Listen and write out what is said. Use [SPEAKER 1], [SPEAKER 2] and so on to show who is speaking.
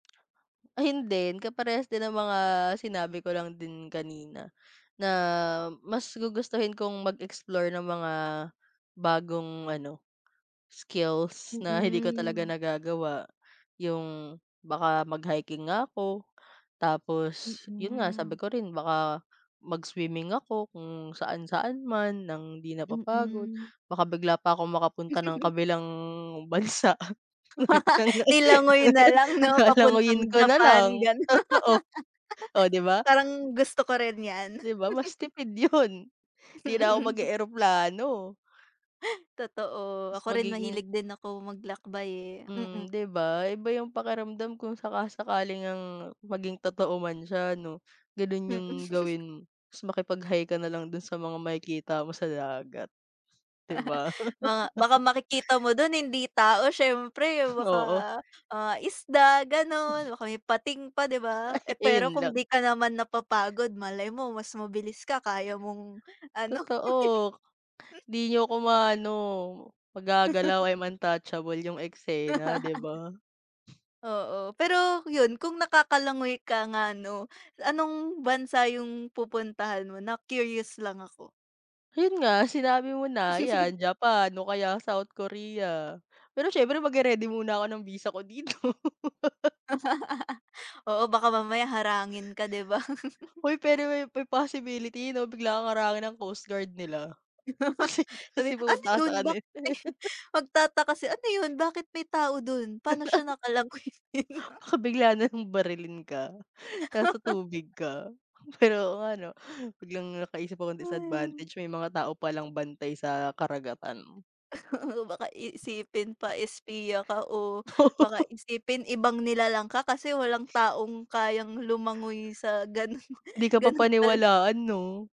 [SPEAKER 1] Ayun din, kaparehas din ng mga sinabi ko lang din kanina. Na, mas gugustuhin kong mag-explore ng mga, bagong ano, skills na hindi ko talaga
[SPEAKER 2] Mm.
[SPEAKER 1] nagagawa. Yung baka mag-hiking nga ako, tapos, yun nga, sabi
[SPEAKER 2] Mm.
[SPEAKER 1] ko rin baka mag-swimming ako kung saan-saan man ng di napapagod.
[SPEAKER 2] Mm.
[SPEAKER 1] Baka bigla pa akong makapunta ng kabilang bansa.
[SPEAKER 2] Nilangoy na lang 'no papuntang
[SPEAKER 1] Lalanguyin ko na
[SPEAKER 2] Japan
[SPEAKER 1] lang,
[SPEAKER 2] ganun.
[SPEAKER 1] totoo oh 'di ba?
[SPEAKER 2] Parang gusto ko rin yan.
[SPEAKER 1] 'Di ba mas tipid yun, hindi na ako mag
[SPEAKER 2] Hmm.
[SPEAKER 1] e-eroplano.
[SPEAKER 2] Totoo,
[SPEAKER 1] Mas
[SPEAKER 2] ako rin
[SPEAKER 1] magiging
[SPEAKER 2] mahilig din ako mag-lakbay eh.
[SPEAKER 1] Hmm
[SPEAKER 2] Mm.
[SPEAKER 1] 'di ba? Iba yung pakiramdam kung saka-sakali ngang maging totoo man siya ano, ganon
[SPEAKER 2] Mm.
[SPEAKER 1] yung gawin mo, tas makipag-hi ka nalang dun sa mga makikita mo sa dagat. Di ba?
[SPEAKER 2] Baka baka makikita mo dun hindi tao siyempre, baka,
[SPEAKER 1] Oo.
[SPEAKER 2] ah, isda ganun, baka may pating pa 'di ba?
[SPEAKER 1] Ay,
[SPEAKER 2] Eh pero
[SPEAKER 1] ayun
[SPEAKER 2] kung
[SPEAKER 1] lang.
[SPEAKER 2] di ka naman napapagod malay mo mas mabilis ka kaya mong ano.
[SPEAKER 1] Totoo. Di niyo ako ma-aano, magagalaw, I'm untouchable yung eksena, 'di ba?
[SPEAKER 2] Oo, pero yun, kung nakakalangoy ka nga ano, anong bansa yung pupuntahan mo? Na-curious lang ako.
[SPEAKER 1] Yun nga, sinabi mo na, yan Japan o kaya South Korea. Pero siyempre mag-reready muna ako ng visa ko dito.
[SPEAKER 2] Oo, baka mamaya harangin ka, 'di ba.
[SPEAKER 1] Hoy, pero may may possibility 'no bigla kang harangin ng coastguard nila. Kasi
[SPEAKER 2] Sabi,
[SPEAKER 1] kasi
[SPEAKER 2] "Ano
[SPEAKER 1] pumunta ka
[SPEAKER 2] yun?"
[SPEAKER 1] sakanila
[SPEAKER 2] Bakit,
[SPEAKER 1] eh.
[SPEAKER 2] magtataka, kasi "Ano yun bakit may tao dun? Pano siya naka-langoy?"
[SPEAKER 1] Baka bigla nalang barilin ka, nasa tubig ka. Pero oo nga ano biglang nakaisip ako
[SPEAKER 2] Hay.
[SPEAKER 1] disadvantage, may mga tao palang bantay sa karagatan.
[SPEAKER 2] Baka iisipin pa eh spiya ka o baka isipin ibang nilalang ka, kasi walang taong kayang lumangoy sa ganun,
[SPEAKER 1] Di ka
[SPEAKER 2] ganun kala
[SPEAKER 1] papaniwalaan 'no?